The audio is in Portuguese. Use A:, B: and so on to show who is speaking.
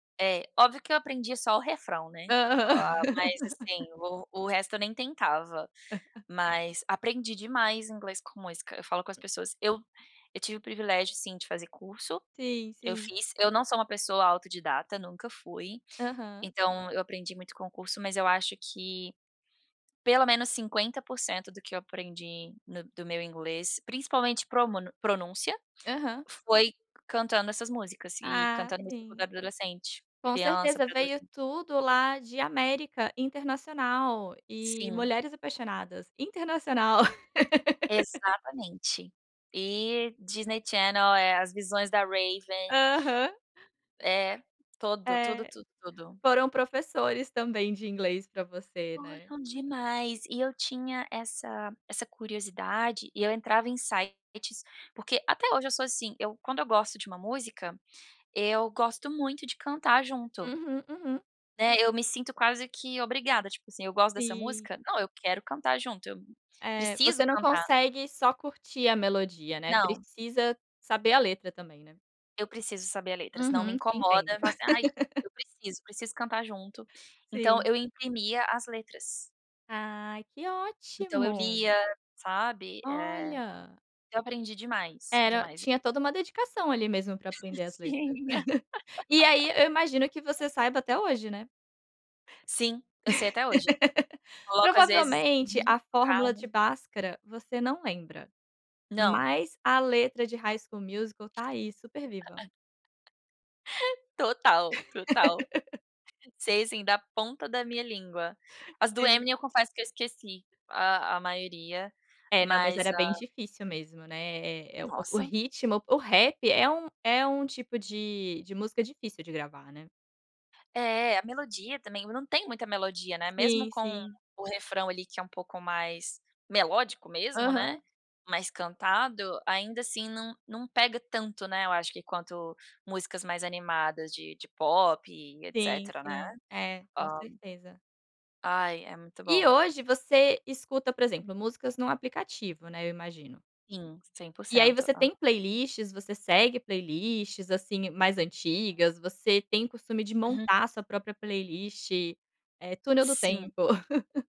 A: É, óbvio que eu aprendi só o refrão, né,
B: Aham.
A: ah, mas assim, o o resto eu nem tentava. Mas aprendi demais inglês com música, eu falo com as pessoas, eu eu tive o privilégio, sim, de fazer curso.
B: Sim,
A: Eu
B: sim.
A: fiz. Eu não sou uma pessoa autodidata, nunca fui.
B: Aham.
A: Então eu aprendi muito com o curso, mas eu acho que pelo menos 50% do que eu aprendi no do meu inglês, principalmente promunu pronúncia,
B: Aham.
A: foi cantando essas músicas, e
B: Ah,
A: cantando música quando eu
B: sim.
A: era adolescente.
B: Com
A: Criança
B: certeza,
A: para
B: veio
A: adolescente.
B: tudo lá de América Internacional e
A: Sim.
B: Mulheres Apaixonadas. Internacional.
A: Exatamente. E Disney Channel, eh, As Visões da Raven
B: Aham.
A: É, todo, tudo,
B: Eh.
A: tudo, tudo.
B: Foram professores, também, de inglês pra você, né.
A: Foram demais, e eu tinha essa essa curiosidade, e eu entrava em sites, porque, até hoje eu sou assim, eu quando eu gosto de uma música, eu gosto muito de cantar junto
B: Uhum, uhum.
A: né, eu me sinto quase que obrigada, tipo assim, eu gosto dessa
B: Sim.
A: música, não, eu quero cantar junto, eu
B: É.
A: preciso
B: Você não
A: cantar.
B: consegue só curtir a melodia, né,
A: Não.
B: precisa saber a letra também, né.
A: Eu preciso saber a letra, senão me
B: Uhum, te
A: incomoda,
B: entendo.
A: eu falo, assim: "Ai, eu preciso, preciso cantar junto". Então
B: Sim.
A: eu imprimia as letras.
B: Ai, que
A: Então eu
B: ótimo!
A: lia, sabe, eh,
B: Olha.
A: eu aprendi demais.
B: Era
A: Demais, e
B: tinha toda uma dedicação, ali mesmo, pra aprender as letras.
A: Tinha.
B: E aí, eu imagino que você saiba até hoje, né.
A: Sim, eu sei até hoje. Coloco às vezes
B: Provavelmente
A: uhum,
B: a
A: no
B: fórmula
A: carro.
B: de Bhaskara, você não lembra,
A: Não.
B: mas a letra de High School Musical está aí, super viva.
A: Total, total. Sei sim, da ponta da minha língua. As do Eminem,
B: Sim.
A: eu confesso que eu esqueci a a maioria,
B: É, não, mas
A: mas
B: era bem
A: a
B: difícil mesmo, né. Eh, o o
A: Nossa.
B: ritmo, o p o rap é um é um tipo de de música difícil de gravar, né.
A: É, a melodia também, não tem muita melodia, né, mesmo
B: Sim,
A: com
B: sim.
A: o refrão, ali, que é um pouco mais melódico mesmo,
B: Aham.
A: né, mais cantado, ainda assim, não não pega tanto, né, eu acho que quanto músicas mais animadas de de pop e
B: Sim,
A: etcetera, né.
B: sim. É,
A: Hã
B: com certeza.
A: Ai, é muito
B: E
A: bom.
B: hoje você escuta, por exemplo, músicas num aplicativo, né, eu imagino.
A: Sim, cem por
B: E aí
A: cento.
B: você
A: Ah.
B: tem playlists, você segue playlists, assim, mais antigas, você tem costume de
A: Uhum.
B: montar sua própria playlist, eh, túnel do
A: Sim.
B: tempo.